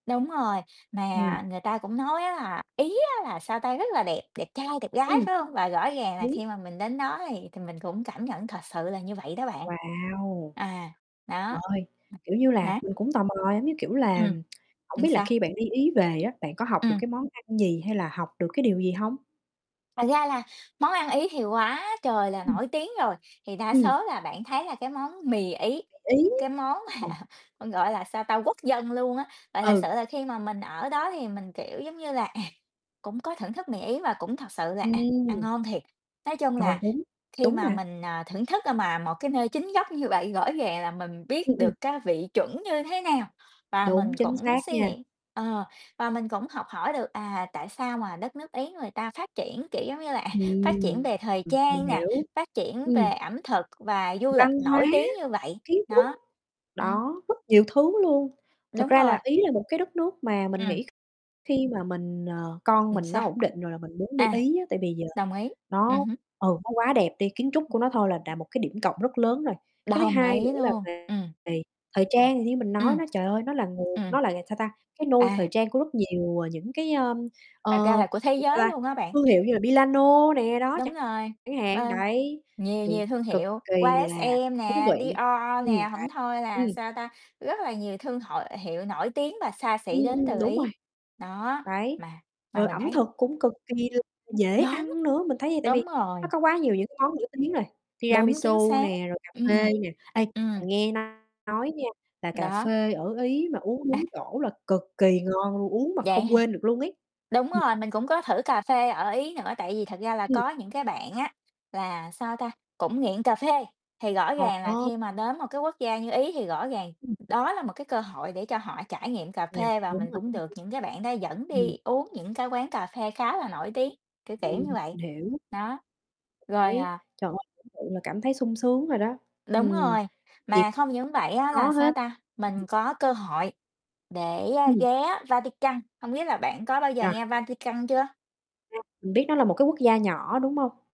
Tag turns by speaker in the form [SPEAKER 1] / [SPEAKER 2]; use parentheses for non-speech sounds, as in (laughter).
[SPEAKER 1] Đúng rồi,
[SPEAKER 2] Ừm.
[SPEAKER 1] mà người ta cũng nói á là, ý á là, sao ta, rất là đẹp, đẹp trai, đẹp gái,
[SPEAKER 2] Ừm.
[SPEAKER 1] phải hông? Và rõ ràng là
[SPEAKER 2] Đúng.
[SPEAKER 1] khi mà mình đến đó thì thì mình cũng cảm nhận thật sự là như vậy đó bạn.
[SPEAKER 2] Wow.
[SPEAKER 1] À, đó.
[SPEAKER 2] Trời,
[SPEAKER 1] (unintelligible)
[SPEAKER 2] kiểu như là,
[SPEAKER 1] Hả?
[SPEAKER 2] mình cũng tò mò, giống như kiểu là,
[SPEAKER 1] Ừm,
[SPEAKER 2] hổng
[SPEAKER 1] ừm,
[SPEAKER 2] biết là
[SPEAKER 1] sao?
[SPEAKER 2] khi bạn đi Ý về á, bạn có học được
[SPEAKER 1] Ừm.
[SPEAKER 2] cái món ăn gì hay là học được cái điều gì hông?
[SPEAKER 1] Thật ra là món ăn Ý thì quá trời là
[SPEAKER 2] Ừm.
[SPEAKER 1] nổi tiếng rồi, thì đa
[SPEAKER 2] Ừm.
[SPEAKER 1] số là bạn thấy là cái món mì Ý,
[SPEAKER 2] Mì Ý.
[SPEAKER 1] cái món mà
[SPEAKER 2] (unintelligible)
[SPEAKER 1] còn gọi là, sao ta, quốc dân luôn á. Và thật sự
[SPEAKER 2] Ừ.
[SPEAKER 1] là khi mà mình ở đó thì mình, kiểu giống như là, à, cũng có thưởng thức mì Ý và cũng thật sự là, à,
[SPEAKER 2] Ừm.
[SPEAKER 1] ăn ngon thiệt. Nói chung
[SPEAKER 2] Rồi,
[SPEAKER 1] là
[SPEAKER 2] đúng,
[SPEAKER 1] khi
[SPEAKER 2] đúng
[SPEAKER 1] mà
[SPEAKER 2] mà.
[SPEAKER 1] mình, à, thưởng thức, ơ, mà một cái nơi chính gốc như vậy, rõ ràng là mình biết
[SPEAKER 2] Ừm, ừm.
[SPEAKER 1] được cái vị chuẩn như thế nào và
[SPEAKER 2] Đúng,
[SPEAKER 1] mình
[SPEAKER 2] chính
[SPEAKER 1] cũng
[SPEAKER 2] xác
[SPEAKER 1] suy
[SPEAKER 2] nha.
[SPEAKER 1] nghĩ, ờ, và mình cũng học hỏi được, à, tại sao mà đất nước Ý người ta phát triển, kiểu giống như là, à, phát triển
[SPEAKER 2] Ừm,
[SPEAKER 1] về thời
[SPEAKER 2] ừm, mình
[SPEAKER 1] trang nè,
[SPEAKER 2] hiểu,
[SPEAKER 1] phát triển
[SPEAKER 2] ừm.
[SPEAKER 1] về ẩm thực và du lịch
[SPEAKER 2] Văn hóa,
[SPEAKER 1] nổi tiếng như vậy.
[SPEAKER 2] kiến trúc,
[SPEAKER 1] Đó, ừm.
[SPEAKER 2] đó, rất nhiều thứ luôn. Thực
[SPEAKER 1] Đúng
[SPEAKER 2] ra
[SPEAKER 1] rồi.
[SPEAKER 2] là Ý là một cái đất nước mà mình
[SPEAKER 1] Ừm.
[SPEAKER 2] nghĩ kh khi mà mình ờ, con
[SPEAKER 1] Ừm,
[SPEAKER 2] mình
[SPEAKER 1] sao?
[SPEAKER 2] nó ổn định rồi là mình muốn đi
[SPEAKER 1] À,
[SPEAKER 2] Ý á. Tại vì giờ
[SPEAKER 1] đồng ý, ừm
[SPEAKER 2] nó,
[SPEAKER 1] hứm.
[SPEAKER 2] ừ, nó quá đẹp đi, kiến trúc của nó thôi là là một cái điểm cộng rất lớn rồi. Cái thứ
[SPEAKER 1] Đồng
[SPEAKER 2] 2 nữa
[SPEAKER 1] ý
[SPEAKER 2] là
[SPEAKER 1] luôn.
[SPEAKER 2] về
[SPEAKER 1] Ừm.
[SPEAKER 2] về thời trang, như mình nói
[SPEAKER 1] Ừm.
[SPEAKER 2] nó, trời ơi, nó là nguồn
[SPEAKER 1] Ừm.
[SPEAKER 2] nó là là, sao ta, cái nôi thời
[SPEAKER 1] À.
[SPEAKER 2] trang của rất nhiều, ờ, những cái, ơm, ờ,
[SPEAKER 1] Thật ra là của thế
[SPEAKER 2] (unintelligible) sao
[SPEAKER 1] giới
[SPEAKER 2] ta,
[SPEAKER 1] luôn á bạn.
[SPEAKER 2] thương hiệu như là Milano nè, đó
[SPEAKER 1] Đúng
[SPEAKER 2] chẳng
[SPEAKER 1] rồi,
[SPEAKER 2] chẳng hạn,
[SPEAKER 1] bên
[SPEAKER 2] đấy,
[SPEAKER 1] nhiều
[SPEAKER 2] thì
[SPEAKER 1] nhiều thương
[SPEAKER 2] cực
[SPEAKER 1] hiệu,
[SPEAKER 2] kỳ là
[SPEAKER 1] YSL
[SPEAKER 2] thú
[SPEAKER 1] nè,
[SPEAKER 2] vị.
[SPEAKER 1] Dior
[SPEAKER 2] Ừm,
[SPEAKER 1] nè,
[SPEAKER 2] đấy,
[SPEAKER 1] hổng thôi là,
[SPEAKER 2] ừm.
[SPEAKER 1] sao ta, rất là nhiều thương hội hiệu nổi tiếng và xa
[SPEAKER 2] Ừm,
[SPEAKER 1] xỉ đến
[SPEAKER 2] ừm,
[SPEAKER 1] từ
[SPEAKER 2] đúng
[SPEAKER 1] Ý.
[SPEAKER 2] rồi.
[SPEAKER 1] Đó,
[SPEAKER 2] Đấy,
[SPEAKER 1] mà mà
[SPEAKER 2] rồi
[SPEAKER 1] mình
[SPEAKER 2] ẩm
[SPEAKER 1] thấy
[SPEAKER 2] thực cũng cực kỳ là dễ
[SPEAKER 1] Đúng,
[SPEAKER 2] ăn nữa, mình thấy vậy, tại vì
[SPEAKER 1] đúng
[SPEAKER 2] nó
[SPEAKER 1] rồi.
[SPEAKER 2] có quá nhiều những cái món nổi tiếng rồi,
[SPEAKER 1] Đúng, chính
[SPEAKER 2] tiramisu
[SPEAKER 1] xác,
[SPEAKER 2] nè, rồi cà
[SPEAKER 1] ừm,
[SPEAKER 2] phê nè. Ê,
[SPEAKER 1] ừm.
[SPEAKER 2] mình nghe nói nha, là cà
[SPEAKER 1] Đó.
[SPEAKER 2] phê ở Ý mà uống
[SPEAKER 1] À.
[SPEAKER 2] đúng chỗ là cực kỳ ngon luôn, uống mà
[SPEAKER 1] Vậy
[SPEAKER 2] không
[SPEAKER 1] hả?
[SPEAKER 2] quên được luôn ấy.
[SPEAKER 1] Đúng
[SPEAKER 2] Ừm.
[SPEAKER 1] rồi, mình cũng có thử cà phê ở Ý nữa, tại vì thật ra là
[SPEAKER 2] Ừm.
[SPEAKER 1] có những cái bạn á, là, sao ta, cũng nghiện cà phê, thì rõ ràng là
[SPEAKER 2] Ồ!
[SPEAKER 1] khi mà đến một cái quốc gia như Ý thì rõ ràng
[SPEAKER 2] Ừm.
[SPEAKER 1] đó là một cái cơ hội để cho họ trải nghiệm cà
[SPEAKER 2] (unintelligible)
[SPEAKER 1] phê và
[SPEAKER 2] đúng
[SPEAKER 1] mình
[SPEAKER 2] rồi,
[SPEAKER 1] cũng được
[SPEAKER 2] (unintelligible)
[SPEAKER 1] những cái bạn đó dẫn
[SPEAKER 2] Ừm.
[SPEAKER 1] đi uống những cái quán cà phê khá là nổi tiếng, kiểu, kiểu như
[SPEAKER 2] Ừm,
[SPEAKER 1] vậy.
[SPEAKER 2] mình hiểu.
[SPEAKER 1] Đó, rồi, à
[SPEAKER 2] (unintelligible) Trời ơi, tưởng tượng là cảm thấy sung sướng rồi đó.
[SPEAKER 1] Đúng
[SPEAKER 2] Ừm,
[SPEAKER 1] rồi,
[SPEAKER 2] gì
[SPEAKER 1] mà không những vậy á, là,
[SPEAKER 2] có
[SPEAKER 1] sao
[SPEAKER 2] hết.
[SPEAKER 1] ta,
[SPEAKER 2] Ừm.
[SPEAKER 1] mình có cơ hội để, ơ,
[SPEAKER 2] Ừm.
[SPEAKER 1] ghé Vatican, hông biết là bạn có bao giờ
[SPEAKER 2] Ờ.
[SPEAKER 1] nghe Vatican chưa?
[SPEAKER 2] (unintelligible) Mình biết nó là một cái quốc gia nhỏ, đúng hông?